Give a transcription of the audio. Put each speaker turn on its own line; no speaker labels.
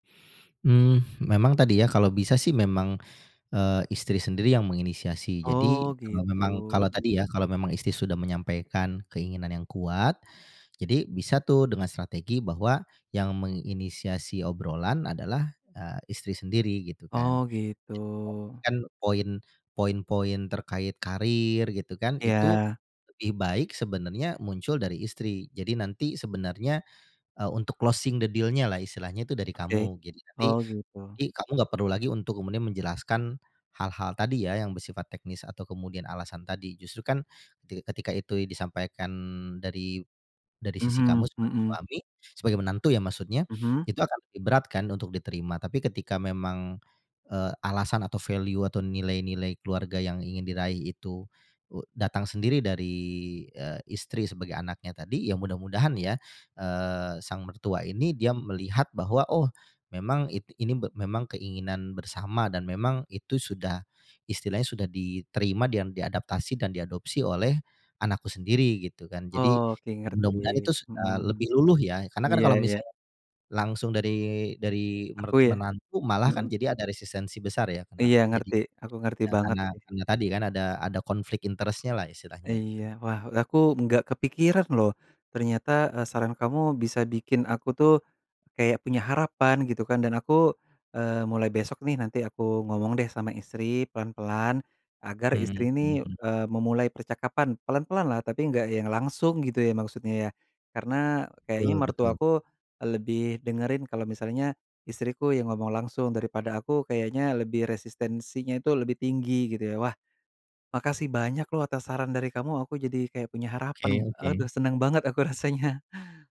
Mmm, memang tadi ya, kalau bisa sih memang, eee, istri sendiri yang menginisiasi. Jadi
Oh,
memang kalau,
gitu.
tadi ya, kalau memang istri sudah menyampaikan keinginan yang kuat. Jadi bisa tuh dengan strategi bahwa yang menginisiasi obrolan adalah, eee, istri sendiri gitu kan.
Oh, gitu.
[unintelligible] Kan poin poin-poin terkait karir gitu kan, itu
Iya.
lebih baik sebenarnya muncul dari istri. Jadi nanti sebenarnya, eee, untuk closing the deal-nya lah. Istilahnya itu dari
Oke,
kamu, gitu jadi nanti
oh gitu.
kamu enggak perlu lagi untuk kemudian menjelaskan hal-hal tadi ya, yang bersifat teknis atau kemudian alasan tadi. Justru kan, ti ketika itu i disampaikan dari dari sisi kamu
Mhm
sebagai
mhm.
suami, sebagai menantu ya maksudnya,
Mhm.
itu akan lebih berat kan untuk diterima. Tapi ketika memang, eee, alasan atau value atau nilai-nilai keluarga yang ingin diraih itu, u datang sendiri dari, eee, istri sebagai anaknya tadi, ya mudah-mudahan ya, eee, sang mertua ini dia melihat bahwa, oh memang i ini memang keinginan bersama dan memang itu sudah, istilahnya sudah diterima dan diadaptasi dan diadopsi oleh anakku sendiri gitu kan. Jadi
Oke, ngerti,
mudah-mudahan itu
mhm,
sudah lebih luluh ya. Karena kan
iya
kalau
iya.
misalnya langsung dari dari
Aku
mert
ya?
menantu malah kan
Mhm.
jadi ada resistensi besar ya. Nah,
Iya
jadi
ngerti, aku ngerti
nah
banget
karena
sih.
karena tadi kan ada ada konflik interest-nya lah istilahnya gitu
Iya wah, aku enggak kepikiran loh. Ternyata, eee, saran kamu bisa bikin aku tuh, kayak punya harapan gitu kan dan aku, eee, mulai besok nih nanti aku ngomong deh sama istri, pelan-pelan agar
Mhm
istri ini,
mhm.
eee, memulai percakapan. Pelan-pelan lah, tapi enggak yang langsung gitu ya, maksudnya ya. Karena, kayaknya
Betul betul.
mertua aku, eee, lebih dengerin kalau misalnya istriku yang ngomong langsung, daripada aku kayaknya lebih resistensinya itu lebih tinggi gitu ya. Wah! Makasih banyak loh atas saran dari kamu, aku jadi kayak punya
Oke
harapan.
oke.
Aduh seneng banget aku rasanya.